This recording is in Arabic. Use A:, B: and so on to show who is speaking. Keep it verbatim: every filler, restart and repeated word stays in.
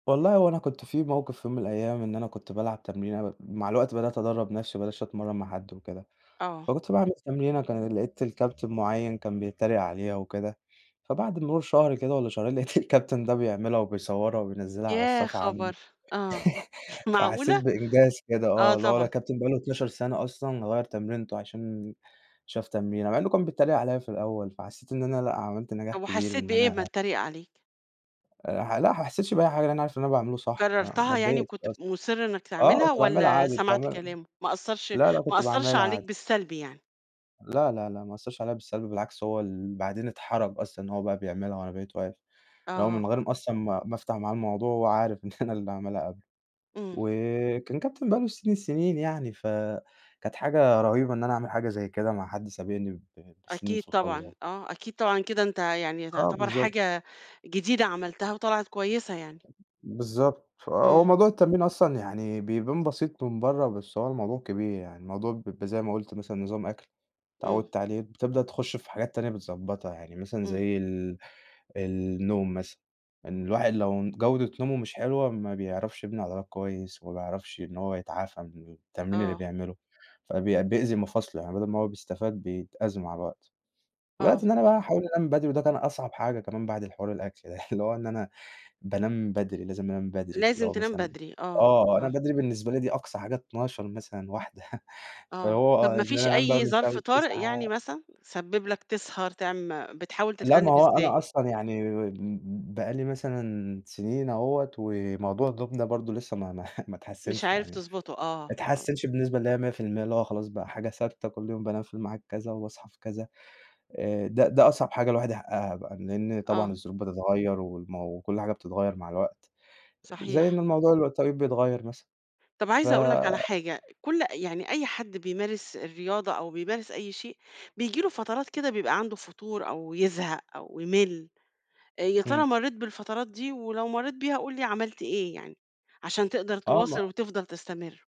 A: والله هو أنا كنت في موقف في يوم من الأيام إن أنا كنت بالعب تمرينة، م مع الوقت بدأت أدرّب نَفْسي وما بقيتش أتمرّن مع حد وكده،
B: آه.
A: فكنت باعمل تمرينة كان لقيت الكابتن مُعيّن كان بيتريق عليها وكده، فبعد مرور شهر كده والّا شهرين لقيت الكابتن ده بيعملها وبيصورها وبينزّلها على
B: يا
A: الصفحة عنده.
B: خبر! آه،
A: فحسيت
B: معقولة؟
A: بإنجاز كده،
B: آه
A: آه اللي هو
B: طبعًا.
A: الكابتن بقى له اتناشر سنة أصلًا غيّر تمرينته عشان شاف تمرينة، مع إنه كان بيتريق عليّا في الأول، فحسيت إن أنا لأ، عملت نجاح
B: طب
A: كبير
B: وحسيت
A: وإن
B: بإيه أمّا
A: أنا
B: اتريق عليك؟
A: آآ، ح لأ، ما حسيتش بأي حاجة، لإن أنا عارف اللي أنا باعمله صح فما
B: كررتها يعني
A: اتضايقتش
B: وكنت ف
A: أصلًا.
B: مُصّر إنك
A: آه،
B: تعملها
A: كنت باعملها
B: والّا
A: عادي،
B: سَمَعت
A: تمام،
B: كلامه؟ ما أثرش
A: لا، لأ،
B: ما
A: كنت
B: أثرش
A: باعملها
B: عليك
A: عادي.
B: بالسَلب يعني؟
A: لا، لا، لا، ما أثرش عليه بالسَلب، بالعكس هو اللي بعدين اتحرج أصلًا إن هو بقى بيعملها وأنا بقيت واقف، اللي هو
B: آه.
A: من غير أصلًا ما ما أفتَح معاه الموضوع هو عارف إن أنا اللي عاملها قبله،
B: إمم.
A: وكان كابتن بقى له سنين السنين يعني، فكانت حاجة رهيبة إن أنا أعمل حاجة زي كده مع حد سابقني ب بسنين
B: أكيد
A: في
B: طبعًا،
A: الخبرة.
B: آه، أكيد طبعًا كده أنت يعني
A: آه،
B: تعتبر
A: بالضبط.
B: حاجة جديدة عملتها، وطِلعت كويسة يعني.
A: بالضبط، آه، هو
B: إمم.
A: موضوع التمرين أصلًا يعني بيبان بسيط من برّا، بس هو الموضوع كبير يعني، الموضوع بيبقى زي ما قُلت مثلًا نظام أكْل،
B: إمم.
A: اتعودت عليه، بتبدأ تخش في حاجات تانية بتضبّطها يعني، مثلًا
B: إمم.
A: زي ال النوم مثلًا، إن الواحد لو ن جودة نومه مش حلوة ما بيعرَفش يبني عضلات كويس، ما بيعرفش إن هو يتعافى من التمرين اللي
B: آه.
A: بيعمله، فبي بيأذي مفاصله يعني بدَل ما هو بيستفاد، بيتأذى مع الوقت.
B: آه.
A: الوقت اللي أنا بقى أحاول أنام بدري، وده كان أصعب حاجة كمان بعد الحوار الأكل ده اللي هو إن أنا بانام بدري، لازم أنام بدري، اللي
B: لازم
A: هو
B: تنام
A: مثلًا
B: بدري، آه،
A: آه، أنا
B: آه.
A: بدري بالنسبة لي دي أقصى حاجة اتناشر مثلًا واحدة واحدة
B: آه،
A: فهو
B: طب
A: آه،
B: ما
A: إن
B: فيش
A: أنا أنام بقى
B: أي ظرف
A: [unintelligible]
B: طارئ يعني
A: تسعة.
B: مثلًا؟ سَبّب لك تسهر، تعم بتحاول
A: لأ، ما
B: تتغلب
A: هو
B: إزاي؟
A: أنا أصلًا يعني م بقى لي مثلًا سنين أهوّة، وموضوع النوم ده برضو لسه ما ما ما
B: مش
A: اتحسنش
B: عارف
A: يعني،
B: تضْبطه، آه،
A: ما
B: آه.
A: اتحسنش بالنسبة اللي هي ميّة في الميّة، اللي هو خلاص بقى حاجة ثابتة كل يوم بانام في المعاد كذا وباصحى في كذا، آآ، ده ده أصعب حاجة الواحد يحققها، لإن طبعًا
B: آه.
A: الظروف بتتغير والم وكُلّ حاجة بتتغير مع الوقت، زي ال
B: صحيح.
A: إن الموضوع اللي التوقيت بيتغير مثلًا،
B: طب
A: ف
B: عايزة أقول لك على حاجة، كُلّ يعني أي حد بيمارس الرياضة أو بيمارس أي شيء بييجي له فترات كده بيبقى عنده فتور أو يزهق أو يملّ، آآ، يا ترى
A: إمم.
B: مرّيت بالفترات دي؟ ولو مرّيت بيها قُل لي عملت إيه يعني، عشان تقدَر
A: آه.
B: تواصِل
A: ما
B: وتفضَل تستمر.